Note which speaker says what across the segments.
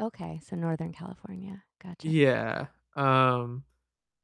Speaker 1: Okay, so, Northern California. Gotcha.
Speaker 2: Yeah, um,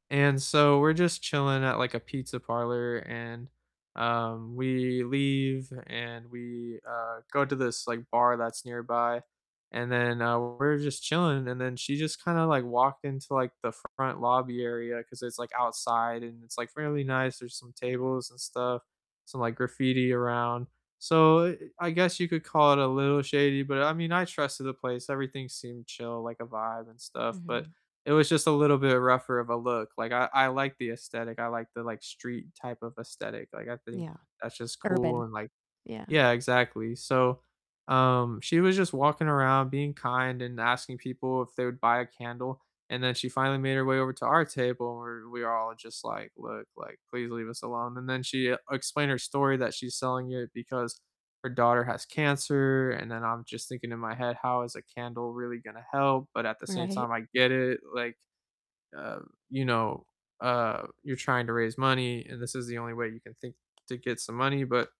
Speaker 2: and so we're just chilling at, like, a pizza parlor and, um, we leave and we, uh, go to this, like, bar that's nearby. And then, uh, we're just chilling and then she just kinda, like, walked into, like, the front lobby area 'cause it's, like, outside and it's, like, fairly nice, there's some tables and stuff, some, like, graffiti around. So, eh eh I guess you could call it a little shady, but, I mean, I trusted the place. Everything seemed chill, like, a vibe and stuff, but
Speaker 1: Mhm.
Speaker 2: it was just a little bit rougher of a look. Like, I I like the aesthetic. I like the, like, street type of aesthetic, like, I think
Speaker 1: Yeah.
Speaker 2: that's just cool
Speaker 1: Urban.
Speaker 2: and, like
Speaker 1: Yeah.
Speaker 2: yeah, exactly. So, um, she was just walking around being kind and asking people if they would buy a candle, and then she finally made her way over to our table and we're we're all just, like, "Look, like, please leave us alone." And then she explained her story that she's selling it because her daughter has cancer, and then I'm just thinking in my head, "How is a candle really gonna help?" But, at the same
Speaker 1: Right?
Speaker 2: time, I get it. Like, uh, you know, uh, you're trying to raise money and this is the only way you can think to get some money, but,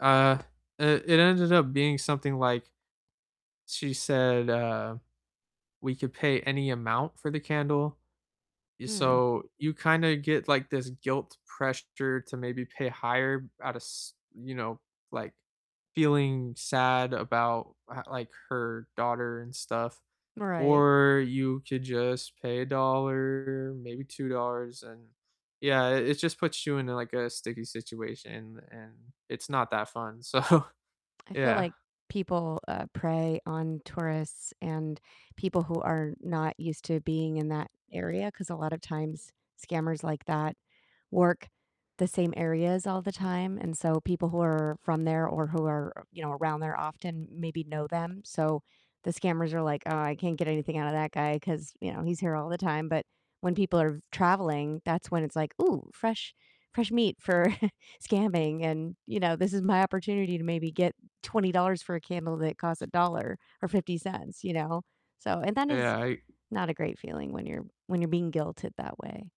Speaker 2: uh uh, it ended up being something, like, she said, uh, we could pay any amount for the candle,
Speaker 1: Hmm.
Speaker 2: so, you kinda get, like, this guilt pressure to maybe pay higher out of s you know, like, feeling sad about h like, her daughter and stuff.
Speaker 1: Right.
Speaker 2: Or, you could just pay a dollar, maybe $2 and yeah, i it just puts you into, like, a sticky situation and it's not that fun. So,
Speaker 1: I feel
Speaker 2: yeah.
Speaker 1: like people, uh, prey on tourists and people who are not used to being in that area, 'cause a lotta times scammers like that work the same areas all the time, and so people who are from there or who are, you know, around there often maybe know them, so, the scammers are like, "Oh, I can't get anything out of that guy 'cause, you know, he's here all the time." But, when people are v traveling, that's when it's, like, "Ooh, fresh fresh meat for scamming, and, you know, this is my opportunity to maybe get $20 for a candle that costs a dollar or 50 cents," you know? So, and that is
Speaker 2: Yeah, I
Speaker 1: not a great feeling when you're when you're being guilted that way.